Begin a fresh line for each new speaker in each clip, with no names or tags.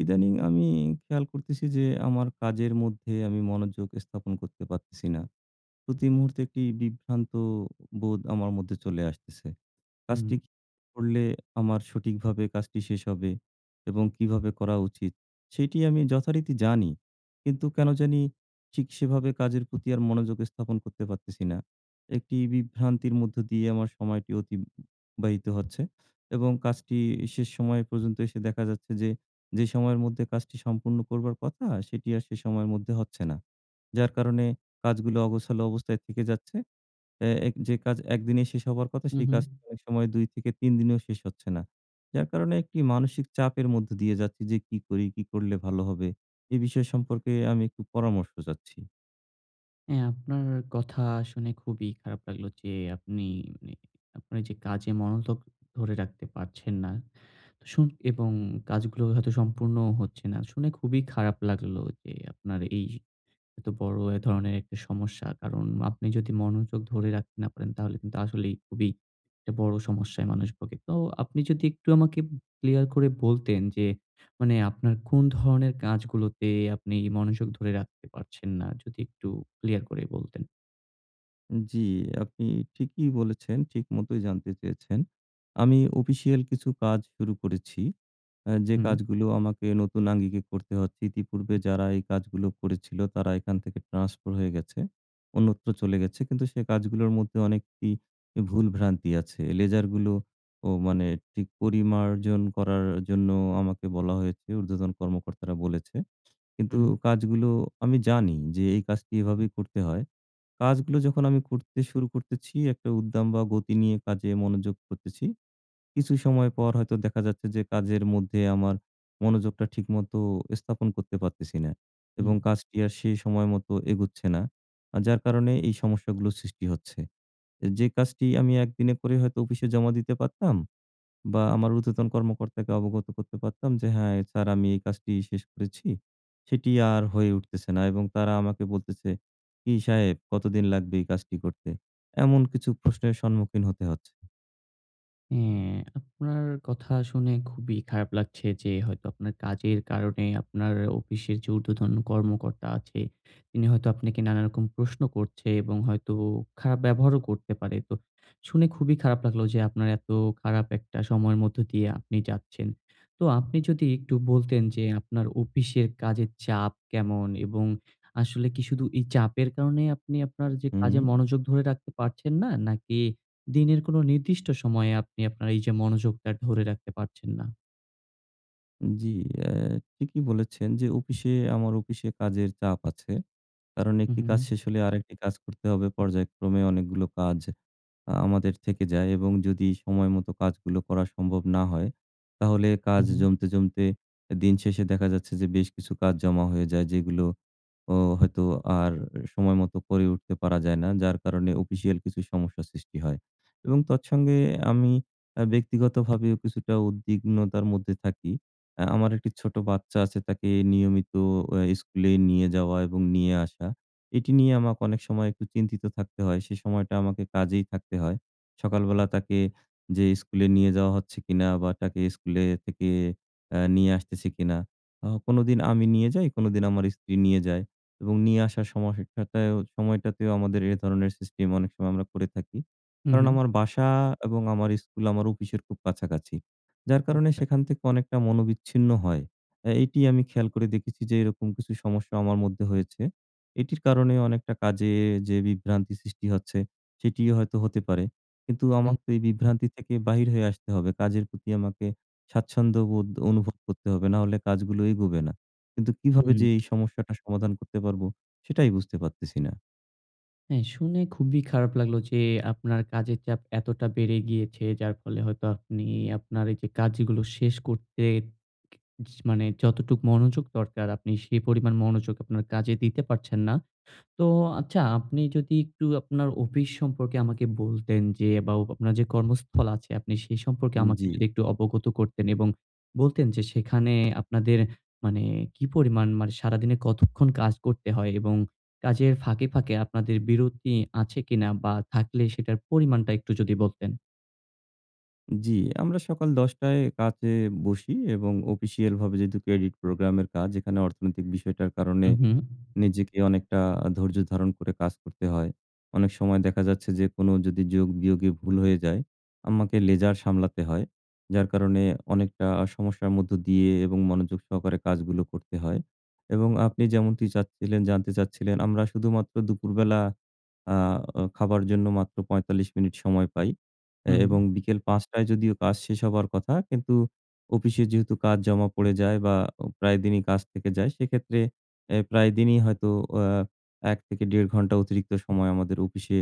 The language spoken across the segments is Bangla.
ইদানীং আমি খেয়াল করতেছি যে, আমার কাজের মধ্যে আমি মনোযোগ স্থাপন করতে পারতেছি না। প্রতি মুহূর্তে একটি বিভ্রান্ত বোধ আমার মধ্যে চলে আসতেছে।
হুম।
কাজটি করলে আমার সঠিকভাবে কাজটি শেষ হবে এবং কীভাবে করা উচিত, সেটি আমি যথারীতি জানি। কিন্তু কেন জানি ঠিক সেভাবে কাজের প্রতি আর মনোযোগ স্থাপন করতে পারতেছি না। একটি বিভ্রান্তির মধ্য দিয়ে আমার সময়টি অতিবাহিত হচ্ছে। এবং কাজটি শেষ সময় পর্যন্ত এসে দেখা যাচ্ছে যে, যে সময়ের মধ্যে কাজটি সম্পূর্ণ করবার কথা সেটি আর সেই সময়ের মধ্যে হচ্ছে না। যার কারণে কাজগুলো অগোছালো অবস্থায় থেকে যাচ্ছে। অ্যা এক যে কাজ একদিনে শেষ হবার কথা
হু,
সেই কাজটি
হু।
অনেক সময় ২-৩ দিনেও শেষ হচ্ছে না। যার কারণে একটি মানসিক চাপের মধ্যে দিয়ে যাচ্ছি যে, "কী করি? কী করলে ভালো হবে?" এই বিষয় সম্পর্কে আমি একটু পরামর্শ চাচ্ছি।
হ্যাঁ আপনার কথা শুনে খুবই খারাপ লাগলো। যে আপনি মানে আপনার যে কাজে মনোযোগ ধরে রাখতে পারছেন না। তো শুন এবং কাজগুলো হয়তো সম্পূর্ণও হচ্ছে না। শুনে খুবই খারাপ লাগলো যে আপনার এই হয়তো বড় ধরনের একটা সমস্যা। কারণ আপনি যদি মনোযোগ ধরে রাখতে না পারেন তাহলে কিন্তু আসলেই খুবই একটা বড় সমস্যায় মানুষ ভোগে। তো আপনি যদি একটু আমাকে উম ক্লিয়ার করে বলতেন যে মানে আপনার কোন ধরনের কাজগুলোতে আপনি মনোযোগ ধরে রাখতে পারছেন না? যদি একটু ক্লিয়ার করেই বলতেন?
জি আপনি ঠিকই বলেছেন, ঠিকমতোই জানতে চেয়েছেন। আমি অফিসিয়াল কিছু কাজ শুরু করেছি আ যে
হুম।
কাজগুলো আমাকে নতুন আঙ্গিকে করতে হচ্ছে ইতিপূর্বে যারা এই কাজগুলো করেছিল তারা এখান থেকে ট্রান্সফার হয়ে গেছে। অন্যত্র চলে গেছে কিন্তু সেই কাজগুলোর মধ্যে অনেক ই ভুল ভ্রান্তি আছে, লেজারগুলোও মানে ঠিক পরিমার্জন করার জন্য আমাকে বলা হয়েছে ঊর্ধ্বতন কর্মকর্তারা বলেছে। কিন্তু
হুম।
কাজগুলো আমি জানি যে এই কাজটি এভাবেই করতে হয়। কাজগুলো যখন আমি করতে শুরু করতেছি একটা উদ্দাম বা গতি নিয়ে কাজে মনোযোগ করতেছি, কিছু সময় পর হয়তো দেখা যাচ্ছে যে কাজের মধ্যে আমার মনোযোগটা ঠিকমতো স্থাপন করতে পারতেছি না এবং
হুম।
কাজটি আর সে সময়মতো এগোচ্ছে না আ যার কারণে এই সমস্যাগুলো সৃষ্টি হচ্ছে। এ যে কাজটি আমি একদিনে করে হয়তো অফিসে জমা দিতে পারতাম বা আমার ঊর্ধ্বতন কর্মকর্তাকে অবগত করতে পারতাম যে, "হ্যাঁ স্যার আমি এই কাজটি শেষ করেছি।" সেটি আর হয়ে উঠতেছে না এবং তারা আমাকে বলতেছে, "কি সাহেব কতদিন লাগবে এই কাজটি করতে?" এমন কিছু প্রশ্নের সম্মুখীন হতে হচ্ছে।
হ্যা, আপনার কথা শুনে খুবই খারাপ লাগছে যে হয়তো আপনার কাজের কারণে আপনার অফিসের যে উর্দ্ধতন কর্মকর্তা আছে, তিনি হয়তো আপনাকে নানা রকম প্রশ্ন করছে এবং হয়তো খারাপ ব্যবহারও করতে পারে। তো শুনে খুবই খারাপ লাগলো যে আপনার এত খারাপ একটা সময় মধ্যে দিয়ে আপনি যাচ্ছেন। তো আপনি যদি একটু বলতেন যে আপনার অফিসের কাজের চাপ কেমন? এবং আসলে কি শুধু এই চাপের কারণেই আপনি আপনার যে কাজে
হুম।
মনোযোগ ধরে রাখতে পারছেন না? নাকি দিনের কোন নির্দিষ্ট সময়ে আপনি আপনার এই যে মনোযোগটা ধরে রাখতে পারছেন না?
জি, এহ ঠিকই বলেছেন যে অফিসে, আমার অফিসে কাজের চাপ আছে। কারণ
হুম,
একটি
হুম,
কাজ শেষ
হুম।
হলে আরেকটি কাজ করতে হবে। পর্যায়ক্রমে অনেকগুলো কাজ আ আমাদের থেকে যায় এবং যদি সময়মতো কাজগুলো করা সম্ভব না হয় তাহলে কাজ
উম-হুম।
জমতে, জমতে দিন শেষে দেখা যাচ্ছে যে বেশ কিছু কাজ জমা হয়ে যায় যেগুলো ও হয়তো আর সময় মতো করে উঠতে পারা যায় না। যার কারণে অফিসিয়াল কিছু সমস্যা সৃষ্টি হয় এবং তৎসঙ্গে আমি আহ ব্যক্তিগতভাবেও কিছুটা উদ্বিগ্নতার মধ্যে থাকি। আহ আমার একটি ছোট বাচ্চা আছে তাকে নিয়মিত এহ স্কুলে নিয়ে যাওয়া এবং নিয়ে আসা এটি নিয়ে আমাকে অনেক সময় একটু চিন্তিত থাকতে হয় সেই সময়টা আমাকে কাজেই থাকতে হয়। সকালবেলা তাকে যে স্কুলে নিয়ে যাওয়া হচ্ছে কিনা? বা তাকে স্কুলে থেকে এহ নিয়ে আসতেছে কিনা? ও কোনোদিন আমি নিয়ে যাই কোনোদিন আমার স্ত্রী নিয়ে যায় এবং নিয়ে আসার সমহ টাটায়ও সময়টাতেও আমাদের এই ধরনের সিস্টেম অনেক সময় আমরা করে থাকি। কারণ
উম-হুম।
আমার বাসা এবং আমার স্কুল আমার অফিসের খুব কাছাকাছি যার কারণে
আচ্ছা।
সেখান থেকে অনেকটা মনোবিচ্ছিন্ন হয়। এ এটিই আমি খেয়াল করে দেখেছি যে এরকম কিছু সমস্যা আমার মধ্যে হয়েছে। এটির কারণে অনেকটা কাজে যে বিভ্রান্তি সৃষ্টি হচ্ছে সেটিও হয়তো হতে পারে, কিন্তু
উম।
আমাকে তো এই বিভ্রান্তি থেকে বাহির হয়ে আসতে হবে। কাজের প্রতি আমাকে স্বাচ্ছন্দ্যবোধ অনুভব করতে হবে নাহলে কাজগুলো এগোবে না। কিন্তু কীভাবে
হুম।
যে এই সমস্যাটা সমাধান করতে পারবো? সেটাই বুঝতে পারতেছি না।
হ্যাঁ শুনে খুবই খারাপ লাগলো যে আপনার কাজের চাপ এতটা বেড়ে গিয়েছে। যার ফলে হয়তো আপনি আপনার এই যে কাজগুলো শেষ করতে ক য মানে যতটুকু মনোযোগ দরকার আপনি সেই পরিমাণ মনোযোগ আপনার কাজে দিতে পারছেন না। তো, আচ্ছা আপনি যদি একটু আপনার অফিস সম্পর্কে আমাকে বলতেন যে বা আপনার যে কর্মস্থল আছে আপনি সে সম্পর্কে
উম,
আমাকে
জ্বি।
যদি একটু অবগত করতেন এবং বলতেন যে সেখানে আপনাদের মানে কী পরিমাণ? মানে সারাদিনে কতক্ষণ কাজ করতে হয়? এবং কাজের ফাঁকে, ফাঁকে আপনাদের বিরতি আছে কিনা? বা থাকলে সেটার পরিমাণটা একটু যদি বলতেন।
জ্বি, আমরা সকাল ১০ টায় কাজে বসি এবং অফিসিয়ালভাবে যেহেতু credit program এর কাজ এখানে অর্থনৈতিক বিষয়টার কারণে
উম-হুম।
নিজেকে অনেকটা ধৈর্য ধারণ করে কাজ করতে হয়। অনেক সময় দেখা যাচ্ছে যে কোনো যদি যোগ বিয়োগে ভুল হয়ে যায়, আমাকে লেজার সামলাতে হয়। যার কারণে অনেকটা সমস্যার মধ্য দিয়ে এবং মনোযোগ সহকারে কাজগুলো করতে হয় এবং আপনি যেমনটি চাচ্ছিলেন, জানতে চাচ্ছিলেন আমরা শুধুমাত্র দুপুরবেলা আহ খাবার জন্য মাত্র ৪৫ মিনিট সময় পাই এ
হুম।
এবং বিকেল ৫ টায় যদিও কাজ শেষ হবার কথা। কিন্তু অফিসে যেহেতু কাজ জমা পড়ে যায় বা ও প্রায়দিনই কাজ থেকে যায় সেক্ষেত্রে এহ প্রায়দিনই হয়তো আহ ১ থেকে ১.৫ অতিরিক্ত সময় আমাদের অফিসে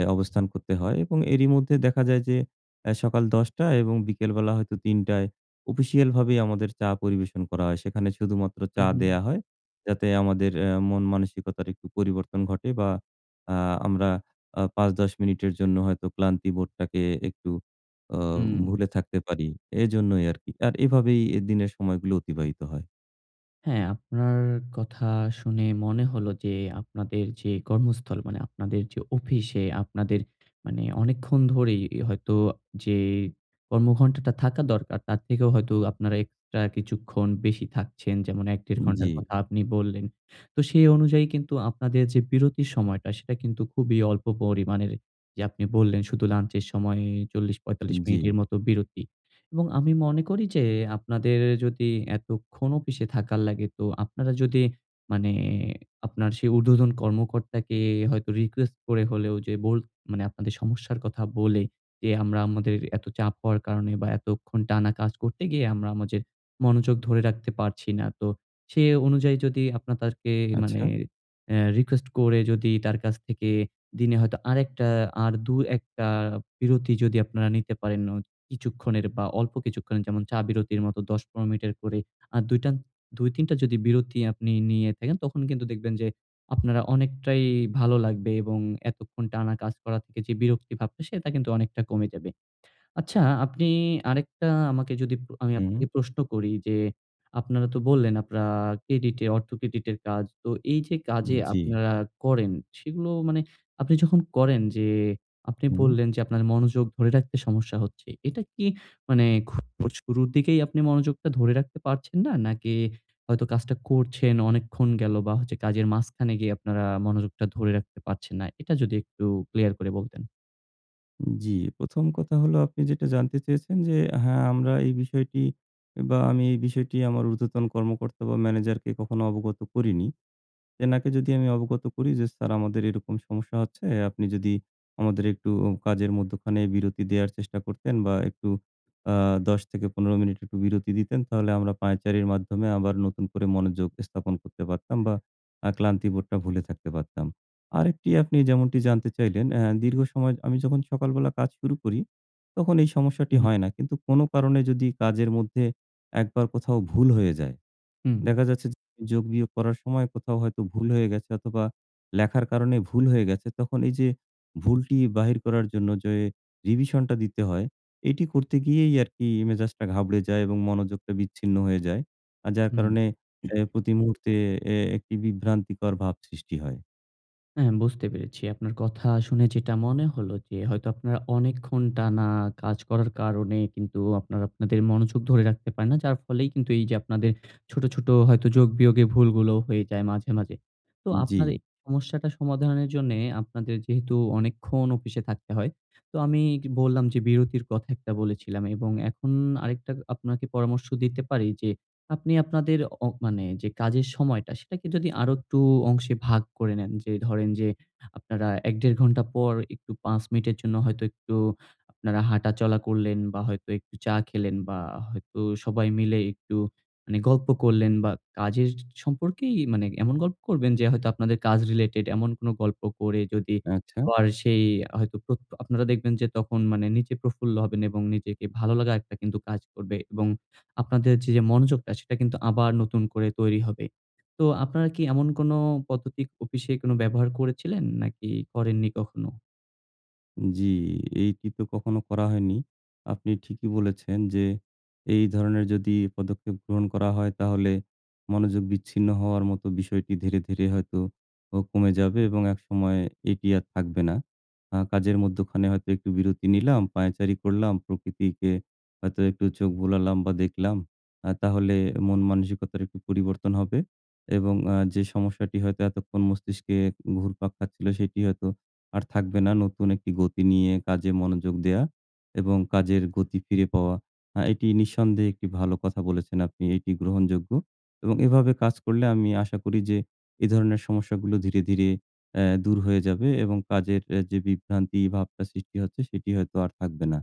এ অবস্থান করতে হয় এবং এরই মধ্যে দেখা যায় যে অ্যা সকাল ১০ টা এবং বিকেলবেলা হয়তো ৩ টায় অফিসিয়ালভাবেই আমাদের চা পরিবেশন করা হয়। সেখানে শুধুমাত্র চা
উম-হুম।
দেওয়া হয় যাতে আমাদের অ্যা মন মানসিকতার একটু পরিবর্তন ঘটে বা আহ আমরা আ ৫ ১০ মিনিটের জন্য হয়তো ক্লান্তি বোর্ডটাকে একটু আহ
উম।
ভুলে থাকতে পারি। এজন্যই আরকি। আর এভাবেই এ দিনের সময়গুলো অতিবাহিত হয়।
হ্যাঁ আপনার কথা শুনে মনে হলো যে, আপনাদের যে কর্মস্থল মানে আপনাদের যে অফিসে আপনাদের মানে অনেকক্ষণ ধরেই হয়তো যে কর্মঘন্টা টা থাকা দরকার তার থেকেও হয়তো আপনারা এক্সট্রা কিছুক্ষণ বেশি থাকছেন। যেমন ১-১.৫
উম জ্বী।
ঘন্টার কথা আপনি বললেন। তো সেই অনুযায়ী কিন্তু আপনাদের যে বিরতির সময়টা, সেটা কিন্তু খুবই অল্প পরিমাণের। যে আপনি বললেন শুধু লাঞ্চ এর সময়ে
উম
৪০-৪৫
জ্বী।
মিনিটের মতো বিরতি। এবং আমি মনে করি যে আপনাদের যদি এতক্ষণ অফিসে থাকার লাগে, তো আপনারা যদি মানে আপনার সেই ঊর্ধ্বতন কর্মকর্তাকে হয়তো রিকোয়েস্ট করে হলেও যে বোল মানে আপনাদের সমস্যার কথা বলে যে আমরা আমাদের এত চাপ হওয়ার কারণে বা এতক্ষণ টানা কাজ করতে গিয়ে আমরা আমাদের মনোযোগ ধরে রাখতে পারছি না। তো সেই অনুযায়ী যদি আপনারা তাঁকে মানে
আচ্ছা!
অ্যা রিকোয়েস্ট করে যদি তার কাছ থেকে দিনে হয়তো আরেকটা আর ২-১ টা বিরতি যদি আপনারা নিতে পারেন অত কিছুক্ষণের বা অল্প কিছুক্ষণের যেমন চা বিরতির মতো ১০-১৫ মিনিটের করে আ দুইটান ২-৩ টা যদি বিরতি আপনি নিয়ে থাকেন, তখন কিন্তু দেখবেন যে আপনারা অনেকটাই ভালো লাগবে এবং এতক্ষণ টানা কাজ করার থেকে যে বিরক্তি ভাবটা, সেটা কিন্তু অনেকটা কমে যাবে। আচ্ছা আপনি আরেকটা আমাকে যদি প্র আমি আপনাকে
হুম।
প্রশ্ন করি যে, আপনারা তো বললেন আপনারা ক্রেডিটে অর্থ ক্রেডিট এর কাজ। তো এই যে
উম
কাজে
জ্বী।
আপনারা করেন, সেগুলো মানে আপনি যখন করেন যে আপনি
হুম।
বললেন যে, আপনার মনোযোগ ধরে রাখতে সমস্যা হচ্ছে। এটা কি মানে খুব শুরুর দিকেই আপনি মনোযোগটা ধরে রাখতে পারছেন না? নাকি হয়তো কাজটা করছেন, অনেকক্ষণ গেল বা হচ্ছে কাজের মাঝখানে গিয়ে আপনারা মনোযোগটা ধরে রাখতে পারছেন না? এটা যদি একটু ক্লিয়ার করে বলতেন?
জি প্রথম কথা হলো আপনি যেটা জানতে চেয়েছেন যে হ্যাঁ আমরা এই বিষয়টি বা আমি এই বিষয়টি আমার উর্ধ্বতন কর্মকর্তা বা ম্যানেজারকে কখনো অবগত করিনি। সেনাকে যদি আমি অবগত করি যে "স্যার আমাদের এরকম সমস্যা হচ্ছে আপনি যদি আমাদের একটু কাজের মধ্যখানে বিরতি দেওয়ার চেষ্টা করতেন বা একটু আ ১০ থেকে ১৫ মিনিট একটু বিরতি দিতেন তাহলে আমরা পায়চারির মাধ্যমে আবার নতুন করে মনোযোগ স্থাপন করতে পারতাম বা আ ক্লান্তি বোধটা ভুলে থাকতে পারতাম।" আরেকটি আপনি যেমনটি জানতে চাইলেন অ্যা দীর্ঘ সময় আমি যখন সকালবেলা কাজ শুরু করি তখন এই সমস্যাটি
উম-হুম।
হয় নাই, কিন্তু কোনো কারণে যদি কাজের মধ্যে একবার কোথাও ভুল হয়ে যায়
হুম।
দেখা যাচ্ছে যে যোগ বিয়োগ করার সময় কোথাও হয়তো ভুল হয়ে গেছে অথবা লেখার কারণে ভুল হয়ে গেছে তখন এই যে ভুলটি বাহির করার জন্য যে রিভিশনটা দিতে হয় এটি করতে গিয়েই আর কি মেজাজটা ঘাবড়ে যায় এবং মনোযোগটা বিচ্ছিন্ন হয়ে যায় আর যার কারণে
হুম।
এ প্রতি মুহূর্তে এ একটি বিভ্রান্তিকর ভাব সৃষ্টি হয়।
হ্যাঁ বুঝতে পেরেছি। আপনার কথা শুনে যেটা মনে হলো যে হয়তো আপনারা অনেকক্ষণ টানা কাজ করার কারণে কিন্তু আপনারা আপনাদের মনোযোগ ধরে রাখতে পারেন না। যার ফলেই কিন্তু এই যে আপনাদের ছোট, ছোট হয়তো যোগ বিয়োগে ভুলগুলো হয়ে যায় মাঝে, মাঝে। তো আপনার এই
জি।
সমস্যাটা সমাধানের জন্য আপনাদের যেহেতু অনেকক্ষণ অফিসে থাকতে হয়। তো আমি কি বললাম যে বিরতির কথা বলেছিলাম এবং এখন আরেকটা আপনাকে পরামর্শ দিতে পারি যে আপনি আপনাদের অপ মানে যে কাজের সময়টা সেটাকে যদি আরো একটু অংশে ভাগ করে নেন যে ধরেন যে আপনারা ১ দেড় ঘন্টা পর একটু ৫ মিনিটের জন্য হয়তো একটু আপনারা হাঁটা চলা করলেন বা হয়তো একটু চা খেলেন বা হয়তো সবাই মিলে একটু মানে গল্প করলেন বা কাজের সম্পর্কেই মানে এমন গল্প করবেন যে হয়তো আপনাদের কাজ রিলেটেড। এমন কোন গল্প করে যদি
আচ্ছা।
পর সেই হয়তো প্রত আপনারা দেখবেন যে তখন মানে নিচে প্রফুল্ল হবেন এবং নিজেকে ভালো লাগা একটা কিন্তু কাজ করবে এবং আপনাদের যে মনোযোগটা সেটা কিন্তু আবার নতুন করে তৈরি হবে। তো আপনারা কি এমন কোন পদ্ধতির অফিসে কোনো ব্যবহার করেছিলেন? নাকি করেননি কখনো?
জি, এই টিপে কখনো করা হয়নি। আপনি ঠিকই বলেছেন যে এই ধরনের যদি পদক্ষেপ গ্রহণ করা হয় তাহলে মনোযোগ বিচ্ছিন্ন হওয়ার মতো বিষয়টি ধীরে, ধীরে হয়তো ও কমে যাবে এবং একসময় এটি আর থাকবে না। আহ কাজের মধ্যখানে হয়তো একটু বিরতি নিলাম, পায়চারি করলাম, প্রকৃতিকে হয়তো একটু চোখ বুলালাম বা দেখলাম আ তাহলে মন মানসিকতার একটু পরিবর্তন হবে এবং আ যে সমস্যাটি হয়তো এতক্ষণ মস্তিষ্কে ঘুরপাক খাচ্ছিল সেটি হয়তো আর থাকবে না, নতুন একটি গতি নিয়ে কাজে মনোযোগ দেওয়া এবং কাজের গতি ফিরে পাওয়া। আহ এটি নিঃসন্দেহে একটি ভালো কথা বলেছেন আপনি এটি গ্রহণযোগ্য এবং এভাবে কাজ করলে আমি আশা করি যে এ ধরনের সমস্যাগুলো ধীরে, ধীরে এহ দূর হয়ে যাবে এবং কাজের যে বিভ্রান্তি ভাবটা সৃষ্টি হচ্ছে সেটি হয়তো আর থাকবে না।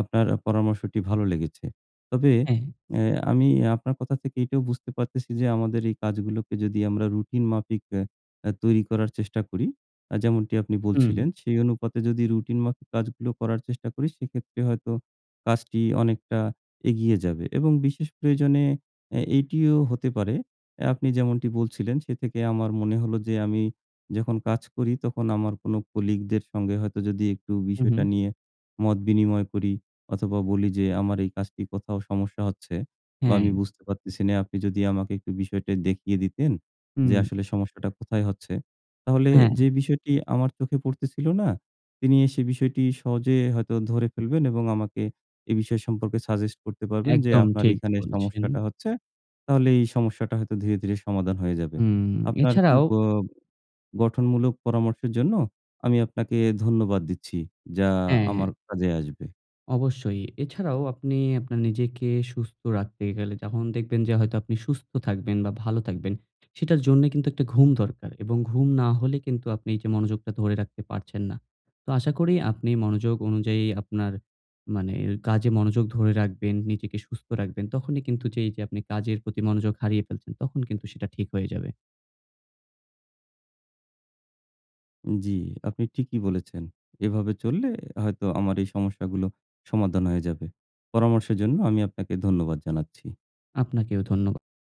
আপনার পরামর্শটি ভালো লেগেছে। তবে
এহ।
এ আমি আপনার কথা থেকে এইটাও বুঝতে পারতেছি যে আমাদের এই কাজগুলোকে যদি আমরা রুটিন মাফিক এহ তৈরি করার চেষ্টা করি যেমনটি আপনি
উম।
বলছিলেন। সেই অনুপাতে যদি রুটিন মাফিক কাজগুলো করার চেষ্টা করি সেক্ষেত্রে হয়তো কাজটি অনেকটা এগিয়ে যাবে এবং বিশেষ প্রয়োজনে এ এটিও হতে পারে আপনি যেমনটি বলছিলেন। সে থেকে আমার মনে হল যে আমি যখন কাজ করি তখন আমার কোনো কলিগদের সঙ্গে হয়তো যদি একটু বিষয়টা
উহুম।
নিয়ে মত বিনিময় করি অথবা বলি যে, "আমার এই কাজটি কোথাও সমস্যা হচ্ছে বা আমি
হ্যাঁ।
বুঝতে পারতেছি না। আপনি যদি আমাকে একটু বিষয়টা দেখিয়ে দিতেন, যে
হুম।
আসলে সমস্যাটা কোথায় হচ্ছে?" তাহলে
হ্যাঁ।
যে বিষয়টি আমার চোখে পড়তেছিল না তিনি সেই বিষয়টি সহজে হয়তো ধরে ফেলবেন এবং আমাকে এই বিষয় সম্পর্কে সাজেস্ট করতে পারবেন যে
একদম
আপনার
ঠিক
এখানে
বলেছেন।
সমস্যাটা হচ্ছে। তাহলে এই সমস্যাটা হয়তো ধীরে, ধীরে সমাধান হয়ে যাবে।
হুম।
আপনার
এছাড়াও
উপ আ গঠনমূলক পরামর্শের জন্য আমি আপনাকে ধন্যবাদ দিচ্ছি, যা
হ্যাঁ, হ্যাঁ।
আমার কাজে আসবে।
অবশ্যই এছাড়াও আপনি আপনার নিজেকে সুস্থ রাখতে গেলে যখন দেখবেন যে হয়তো আপনি সুস্থ থাকবেন বা ভালো থাকবেন সেটার জন্য কিন্তু একটা ঘুম দরকার এবং ঘুম না হলে কিন্তু আপনি এই যে মনোযোগটা ধরে রাখতে পারছেন না। তো আশা করি আপনি মনোযোগ অনুযায়ী আপনার মানে, মানে কাজে মনোযোগ ধরে রাখবেন নিজেকে সুস্থ রাখবেন তখনই কিন্তু যেই যে আপনি কাজের প্রতি মনোযোগ হারিয়ে ফেলছেন তখন কিন্তু সেটা ঠিক হয়ে যাবে।
জ্বি, আপনি ঠিকই বলেছেন। এভাবে চললে হয়তো আমার এই সমস্যাগুলো সমাধান হয়ে যাবে। পরামর্শের জন্য আমি আপনাকে ধন্যবাদ জানাচ্ছি।
আপনাকেও ধন্যবাদ।